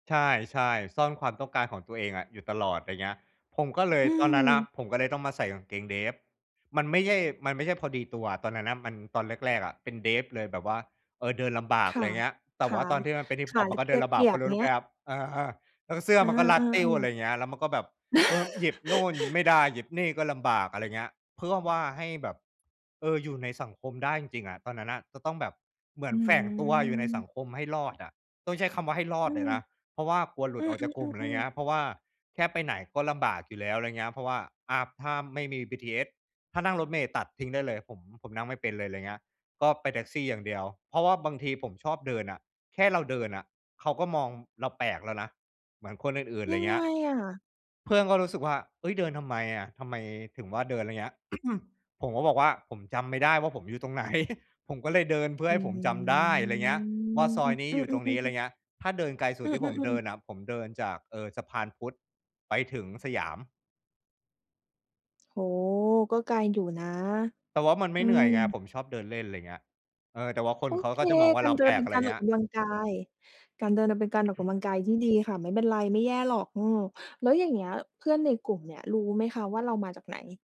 ใช่ ๆ ซ่อนความต้องการของตัวเองอะอยู่ตลอด อะไรอย่างเงี้ย ผมก็เลย อืตอนนั้นอะม ผมก็เลยต้องมาใส่กางเกงเดฟ มันไม่ใช่ มันไม่ใช่พอดีตัว ตอนนั้นน่ะมัน ตอนแรก ๆ อะเป็นเดฟเลยแบบว่า เออ เดินลำบาก คอะ่ไระ อย่างเงี้ย แตข่ว่าา ตอนที่มันเป็นฮิปขฮาอปหรืกอ็เดตินะลำเบกาก ีเพยราะบ ไรอย่ารูง้เไงหีม้ย ครับ เออ แล้วเสื้อเอมันก็รัดติ้ว ออ ะๆ ไรๆ อย่างเงี้ย แล้วมันก็แบบ เออ หยิบนู่นไม่ได้ หยิบนี่ก็ลำบาก อะไรอย่างเงี้ย เพื่อว่าให้แบบ เออ อยู่ในสังคมได้จริง ๆ อะ ตอนนั้นน่ะจะต้องแบบเหมืออนแฝงตัวอยู่ในสัืม งคมให้รอดอะ ต้องใช้คำว่าให้รออืดเลม ยนะ เพราะว่ากลัวหลุอืดออกจากกลุ่ม อะไรอย่อ างเงๆ ๆ ี้ๆ ย เพราะว่าแค่ไปไหนก็ลำบากอยู่แล้ว อะไรอย่างเงี้ย เพราะว่า อ่า ถ้าไม่มี BTS ถ้านั่งรถเมล์ตัดทิ้งได้เลย ผม ผมนั่งไม่เป็นเลย อะไรอย่างเงี้ย ก็ไปแท็กซี่อย่างเดียว เพราะว่าบางทีผมชอบเดินอะ แค่เราเดินอะ เขาก็มองเราแปลกแล้วนะ เหมือนคนอื่น ๆ ไยรัอยง่างเงไงี้ย อะ? เพื่อนก็รู้สึกว่า "เฮ้ย เดินทำไมอะ ทำไมถึงว่าเดิน" อะไรอย่างเงี้ย ผมก็บอกว่า ผมจำไม่ได้ว่าผมอยู่ตรง ไหน ผมก็เลยเดินเพื่ออใืห้ม ผมอืจม ำได้"อะไรอย่างเงี้ย ว่าซอยนี้อยู่ตรงนี้ อะไรอๆ ๆ ยๆ ่างเงี้ย ถ้าเดินไกลสุอดืที่ผมเดอ ิๆ นๆ ๆ อะ ผมเดินจาก เอ่อ สะพานพุทธไปถึงสยาม โอ้ ก็ไกลอยู่นะ แต่ว่ามันไมอื่เหนื่อยไง ม ผมชอบเดินเล่น อะไรอย่างเงี้ย เออ แต่ว่าคนโอเขาเค ก็จะมองว่กาเารราเดแิปลนเปก ็อนะไรกอยาร่างอเงีอ้กย กำลังกาย การเดินน่ะเป็นการออกกำลังกายที่ดีค่ะ ไม่เป็นไรไม่แย่หรอก อืม แล้วอย่างเงี้ยเพื่อนในกลุ่มเนี่ยรู้ไหมคะว่าเรามาจากไหน?